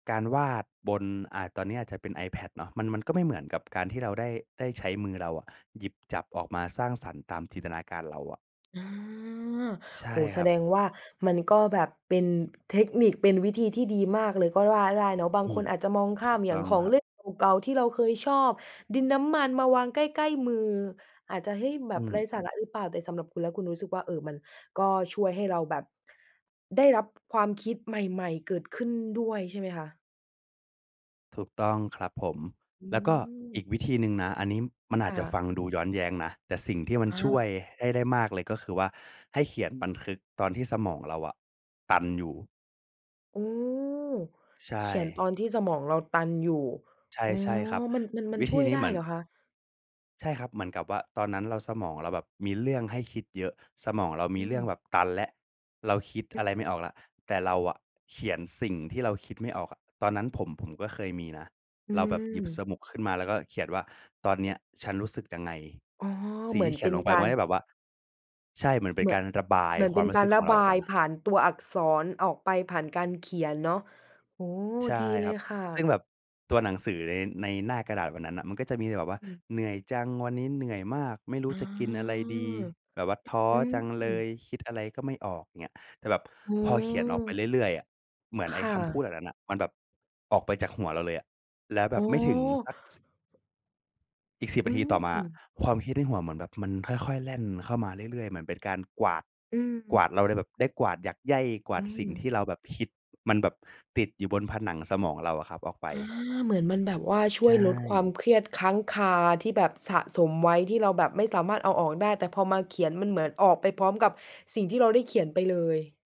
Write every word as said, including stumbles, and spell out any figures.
การวาดบน อ่า ตอนนี้อาจจะเป็น iPad เนาะ มัน มันก็ไม่เหมือนกับการที่เราได้ ได้ใช้มือเราอะหยิบจับออกมาสร้างสรรค์ตามจินตนาการเราอะ อา ใช่โอ้โฮ แคสรัดบ งว่ามันก็แบบเป็นเทคนิค เป็นวิธีที่ดีมากเลยก็ว่าได้เนาะ บาองืคม นอาจจะมองขถ้าูกมอยต่้างอขงอคงรัเบ ล่นเก่า ๆ ที่เราเคยชอบ ดินน้ำมันมาวางใกล้ ๆ มือ อาจจะ เฮ้ย แบอืบไร้ม สาระหรือเปล่า แต่สำหรับคุณแล้ว คุณรู้สึกว่า เอ่อ มันก็ช่วยให้เราแบบได้รับความคิดใหม่ ๆ เกิดขึ้นด้วย ใช่ไหมคะ? ถูกต้องครับผม อืแล้วก็อม ีกวิธีหนึ่งนะ อันนี้มันอคาจ่จะะ ฟังดูย้อนแย้งนะ แต่สิ่งที่มันอช่วา ยให้ได้มากเลย ก็คือว่าให้เขียนบันทึกตอนที่สมองเราอะตันอยู่ อืม ใชเขียนต่ อนที่สมองเราตันอยู่ ใช่ อ๋อ ใช่ครับ มัน มัน มันวิชธ่ีวยนไี้ด้เหมือเหน รอคะ? ใช่ครับ เหมือนกับว่าตอนนั้นเรา สมองเราแบบมีเรื่องให้คิดเยอะ สมองเราอมืีเรื่อม งแบบตันแล้ว เราคิดอะไรไม่ออกแล้ว แต่เราอะเขียนสิ่งที่เราคิดไม่ออกอะ ตอนนั้นผม ผมก็เคยมีนะ อืเราแบบหยิบสม มุก ขึ้นมา แล้วก็เขียนว่า "ตอนเนี้ยฉันรู้สึกยังไง?" อ๋อ สิเ่งหมืทีอ่นเขเีปย็นนลงไปกมัานร ก็จะแบบว่า ใช่ เหมือนเป็เหนมืกอาน รระบายเหมือนคเวปา็มนรูก้สาึรกขรอะงเราบออกามยา ผ่านตัวอักษร ออกไปผ่านการเขียนเนาะ โอ้ ใช่ดีเลครับ ยค่ซึ่ะ งแบบตัวหนังสือใน ในหน้ากระดาษวันนั้นน่ะ มันก็จะมีแบบว่า อืม "เหนื่อยจัง วันนี้เหนื่อยมาก ไม่รู้อ๋อ จะกินอะไรดี แบบว่าท้ออืจังเลม ย คิดอะไรก็ไม่ออก" อย่างเงี้ย แต่แบบอ๋อ พอเขียนออกไปเรื่อย ๆ อะ เหมือนคไอ้่คำพูดแะ บบนั้นน่ะ มันแบบออกไปจากหัวเราเลยอะ แล้วแบอ๋อ บไม่ถึงสัก ส อีก สิบ อืนาทีต่อมา ม ความคิดในหัวเหมือนแบบมันค่อย ๆ แล่นเข้ามาเรื่อย ๆ เหมือนเป็นการกวาด อืกวม าดเราเลยแบบ ได้กวาดหยากไย่ กวอาืดสิ่งทม ี่เราแบบคิด มันแบบติดอยู่บนผนังสมองเราอะครับออกไป อา เหมือนมันแบบว่าช่ใวชยลดความ่ เครียดค้างคาที่แบบสะสมไว้ ที่เราแบบไม่สามารถเอาออกได้ แต่พอมาเขียน มันเหมือนออกไปพร้อมกับสิ่งที่เราได้เขียนไปเลย